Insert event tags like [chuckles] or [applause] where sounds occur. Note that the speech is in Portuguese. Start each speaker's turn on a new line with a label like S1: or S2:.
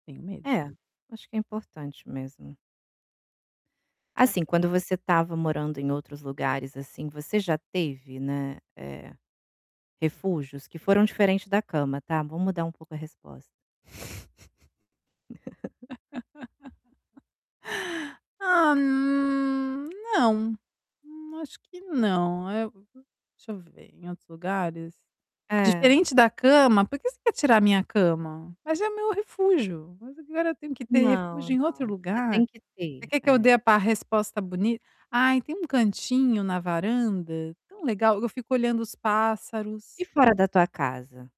S1: Tenho medo.
S2: É, acho que é importante mesmo.
S1: É.
S2: Assim, quando você estava morando em outros lugares, assim, você já teve, né, eh, refúgios que foram diferente da cama, tá. Vamo mudar um pouco a resposta.
S1: [chuckles]
S2: [laughs]
S1: [laughs] Ah, hum, não, n acho que não, eh, deixa eu ver em outros lugares?
S2: É.
S1: Diferente da cama, por que você quer tirar a minha cama? Mas é meu refúgio, mas agora tenho que ter
S2: Não,
S1: refúgio em
S2: não.
S1: outro
S2: Você
S1: lugar?
S2: tem que
S1: Você
S2: ter,
S1: quer que eu
S2: é.
S1: dê a par resposta boni ai tem um cantinho na varanda tão legal, eu fico olhando os pássaros.
S2: E fora da tua casa?